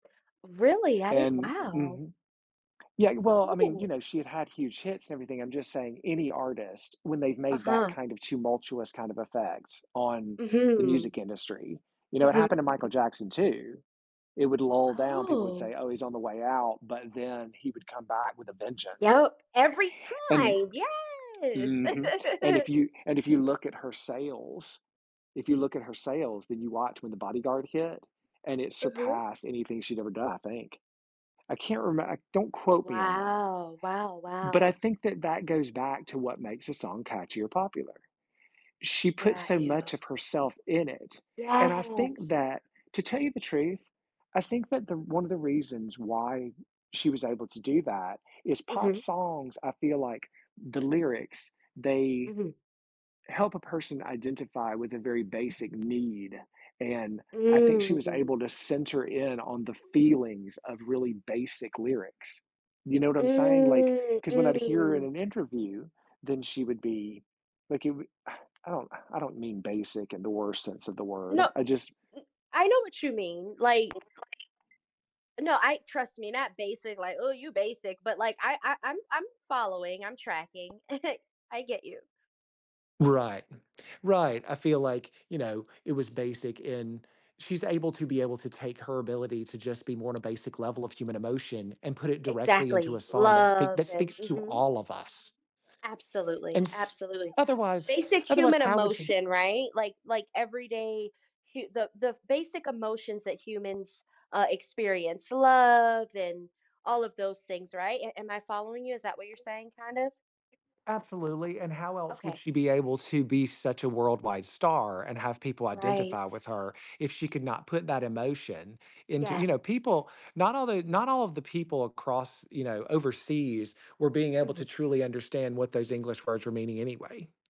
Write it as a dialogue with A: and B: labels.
A: Really? I didn
B: And
A: wow.
B: mhm. Yeah, well, I mean, you
A: Oh.
B: know, she had had huge hits and everything. I'm just saying any artist when they've made that
A: Uh-huh.
B: kind of tumultuous kind of effect on the
A: Mhm.
B: music industry, you know, it
A: Mhm.
B: happened to Michael Jackson too. It would lull down. People would
A: Oh.
B: say, "Oh, he's on the way out," but then he would come back with a vengeance.
A: Yep, every
B: And
A: time, yes.
B: Mhm, and, if you and if you look at her sales if you look at her sales, then you watch when The Bodyguard hit and it
A: Mhm.
B: surpassed anything she'd ever done, I think. I can't reme don't quote me on that.
A: Wow, wow,
B: But I
A: wow.
B: think that that goes back to what makes a song catchy or popular. She put
A: Got
B: so
A: you.
B: much of herself in it, and I think
A: Yes.
B: that to tell you the truth, I think that the one of the reasons why she was able to do that is pop
A: Mhm.
B: songs, I feel like the lyrics, they
A: Mhm.
B: help a person identify with a very basic need, and I think she was
A: Mm.
B: able to center in on the feelings of really basic lyrics. You know what I'm saying, like,
A: Mm,
B: ‘cause when I'd hear in
A: mm.
B: an interview, then she would be like, it would I don't I don't mean basic in the worst sense of the word.
A: No,
B: I just
A: n I know what you mean, like
B: [unintelligible]
A: No, I trust me, not basic, like, "Oh, you basic," but like, I I'm I'm following, I'm tracking. I get you.
B: Right, right, I feel like, you know, it was basic in she's able to be able to take her ability to just be more on a basic level of human emotion and put it directly into a
A: Exactly.
B: song that speak
A: Love
B: that
A: and
B: speaks to
A: mhm.
B: all of us. And
A: Absolutely,
B: s
A: absolutely,
B: otherwise
A: basic
B: otherwise,
A: human
B: how would you
A: emotion, right, like like every day hu the the basic emotions that humans, uh, experience, love and all of those things, right, am am I following you? Is that what you're saying kind of?
B: Absolutely, and how else would
A: Okay.
B: she be able to be such a worldwide star and have people
A: Right.
B: identify with her if she could not put that emotion into you know,
A: Yes.
B: people, not all the not all of the people across, you know, overseas were being able to
A: Mhm.
B: truly understand what those English words were meaning anyway.